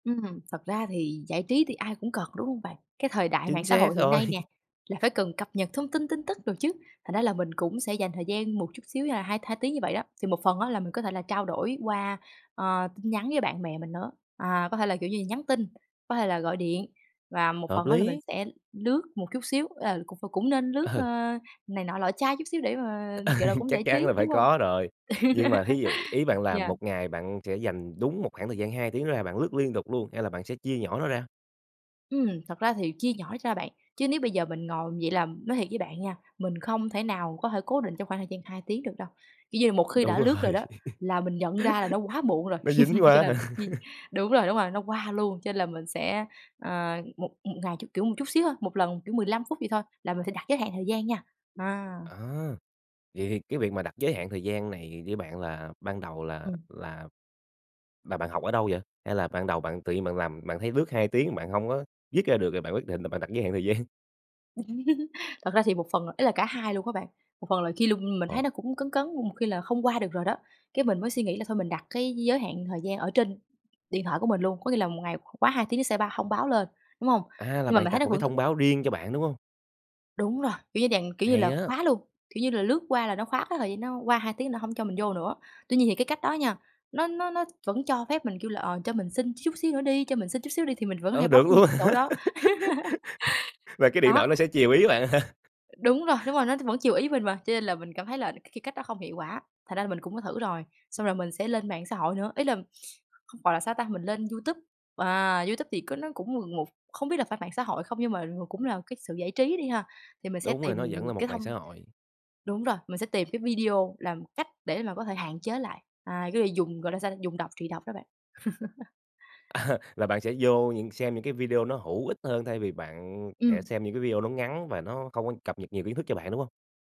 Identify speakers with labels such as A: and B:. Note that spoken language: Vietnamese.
A: Ừm, thật ra thì giải trí thì ai cũng cần, đúng hông bạn? Cái thời đại mạng
B: Chính
A: xã
B: xác
A: hội hiện
B: rồi.
A: nay nè là phải cần cập nhật thông tin, tin tức đồ chứ. Thành ra là mình cũng sẽ dành thời gian một chút xíu là hai hai tiếng như vậy đó, thì một phần á là mình có thể là trao đổi qua, à, tin nhắn với bạn bè mình nữa. À, có thể là, kiểu như, nhắn tin, có thể là gọi điện và một
B: Hợp
A: phần á là mình
B: lý.
A: sẽ lướt một chút xíu, à, cũng cũng cũng nên lướt,
B: Ờ.
A: ơ, này nọ lọ chai chút xíu để mà, gọi là, cũng
B: Chắc
A: giải
B: chắn
A: trí,
B: là phải
A: đúng hông?
B: có rồi. Nhưng mà thí dụ, ý bạn là
A: Yeah.
B: 1 ngày bạn sẽ dành đúng một khoảng thời gian 2 tiếng ra, bạn lướt liên tục luôn, hay là bạn sẽ chia nhỏ nó ra?
A: Ừm, thật ra thì chia nhỏ ra bạn. Chứ nếu bây giờ mình ngồi vậy là nói thiệt với bạn nha, mình không thể nào có thể cố định trong khoảng thời gian 2 tiếng được đâu, kiểu như, một khi
B: Đúng
A: đã lướt rồi
B: rồi.
A: đó, là mình nhận ra là nó quá muộn rồi,
B: Nó dính
A: cho
B: quá
A: nên
B: hả?
A: mình s chi đúng rồi, đúng rồi, nó qua luôn. Cho nên là mình sẽ, ờ, một một ngày cho, kiểu, một chút xíu thôi, một lần, kiểu, 15 phút vậy thôi là mình sẽ đặt giới hạn thời gian nha. À.
B: À! Vậy thì cái việc mà đặt giới hạn thời gian này với bạn là ban đầu là
A: Ừm.
B: là mà bạn học ở đâu vậy? Hay là ban đầu bạn tự nhiên bạn làm bạn thấy lướt 2 tiếng bạn hông có dứt ra được, rồi bạn quyết định là bạn đặt giới hạn thời gian?
A: Thật ra thì một phần là ý là cả hai luôn á bạn. Một phần là khi lung mình thấy
B: Ờ.
A: nó cũng cấn cấn, một khi là không qua được rồi đó, cái mình mới suy nghĩ là thôi mình đặt cái giới hạn thời gian ở trên điện thoại của mình luôn, có nghĩa là 1 ngày q quá 2 tiếng nó sẽ bao thông báo lên, đúng hông?
B: À, là
A: Nhưng mà
B: bạn
A: mình thấy
B: đặt
A: nó
B: một cái
A: vẫn
B: thông báo riêng cho bạn, đúng hông?
A: Đúng rồi. Kiểu như dạng, kiểu như
B: Hay
A: là,
B: á!
A: khóa luôn, kiểu như là, lướt qua là nó khóa cái thời gian, nó qua 2 tiếng nó hổng cho mình vô nữa. Tuy nhiên thì cái cách đó nha, nó nó nó vẫn cho phép mình, kiểu là, ờ, cho mình xin chút xíu nữa đi, cho mình xin chút xíu đi thì mình vẫn hay
B: Ờ,
A: bấm
B: được
A: những
B: luôn
A: cái chỗ
B: hả?
A: đó.
B: Và cái điện
A: Đó.
B: thoại nó sẽ chiều ý bạn hả?
A: Đúng rồi, đúng rồi, nó t vẫn chiều ý mình mà. Cho nên là mình cảm thấy là c cái cách đó không hiệu quả, thành ra là mình cũng có thử rồi, xong rồi mình sẽ lên mạng xã hội nữa, ý là, gọi là sao ta, mình lên YouTube. À, YouTube thì có nó cũng ng ngồ không biết là phải mạng xã hội không, nhưng mà mà cũng là cái sự giải trí đi ha, thì mình sẽ
B: Đúng rồi,
A: tìm
B: nó vẫn là
A: cái
B: một mạng
A: thông
B: xã hội.
A: đúng rồi, mình sẽ tìm cái video làm cách để mà có thể hạn chế lại. À, có nghĩa dùng, gọi là sao, dùng độc trị độc đó bạn.
B: À, là bạn sẽ vô những xem những cái video nó hữu ích hơn thay vì bạn sẽ
A: Ừm.
B: xem những cái video nó ngắn và nó không có cập nhật nhiều kiến thức cho bạn, đúng hông?